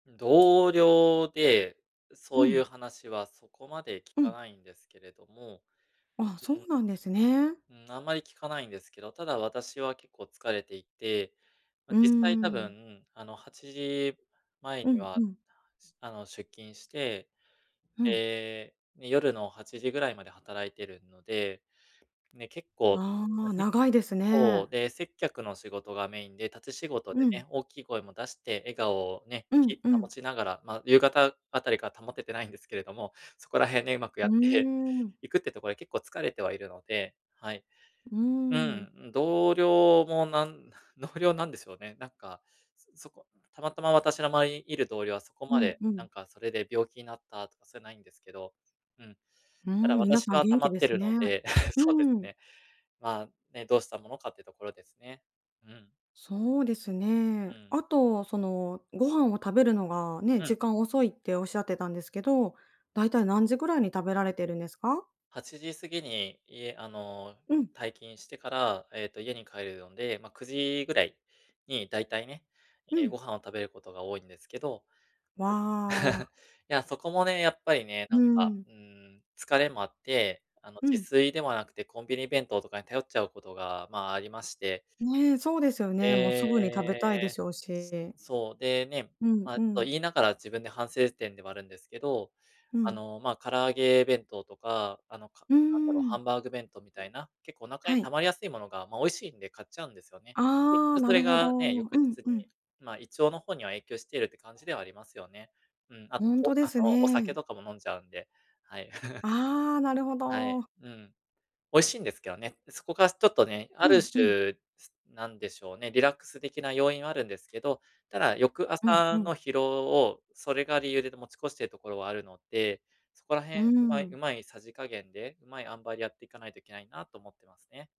同僚で、うそういん。う話はそこまで聞うかん。ないんですけれども、ああ、そううん。なんですね。うん、あんまり聞かないんですけど。ただ私は結構疲れていて、ま、うー実際多ん。分、あの8時前うにん、は、うん。しゅあの出勤して、うん。ええ夜の8時ぐらいまで働いてるので。ね、結構ああ、休み長いですそね。う。で、接客の仕事がメインで、立ち仕事うでん。ね。大きい声も出して、笑顔をね、うん、きう保ん。ちながら。まあ、夕方あたりから保ててないんですけれども。そこら辺ね、上手くやうっーてん。いくってところで、結構疲れてはいるので。はい。うーうん。ん、同僚もなん同僚なんでしょうね。なんかそこたまたま私の周りにいる同僚は、そこうまん、で、うなん。んかそれで病気になったとか、そういうないんですけどうん。うただん、皆私さんは元溜ま気っでてするね。ので、うそうですん。ね。まあ、ね、どうしたものかっていうところですね。うん。そうですね。うん。あとその、ご飯を食べるのがね、う時ん。間遅いって仰ってたんですけど、大体何時ぐらいに食べられてるんですか？8時過ぎに家あのうん。退勤してから、ええと家に帰るので、まあ9時ぐらいに大体ね、うええ、ごん。飯を食べることが多いんですけど。わんあ。いやそこもね、やっぱりね、うなーんか、ん。うん、疲れもあって。あのう自ん。炊ではなくて、コンビニ弁当とかに頼っちゃうことが、まあ、ありまして。ね、そうですよね。もうすえぐに食べたいでえ、しょうし。そう、でね、うん、まあうそうん。言いながら、自分で反省点ではあるんですけど、うあん。の、まあ、唐揚げ弁当とか、あのかうーなんだろう、ハん。ンバーグ弁当みたいな、結構お腹はに溜い。まりやすいものが、まあ美味しいんで買っちゃうんですよね。結ああ、局そなれるほど。がね、う翌日ん、に、うん。まあ、胃腸の方には影響しているって感じではありますよね、うん。あと、ほんことう、であすの、お酒ね。とかも飲んじゃうんで、はい。ああ、なるほはい、ど。うん。美味しいんですけどね。そこがちょっとね、うあるん、うん。種、すなんでしょうね、リラックス的な要因はあるんですけど。ただ翌うん、う朝ん。の疲労を、それが理由で、持ち越しているところはあるので、そこら辺う上手ん。い上手い匙加減で、上手い塩梅で、やっていかないといけないなと思ってますね。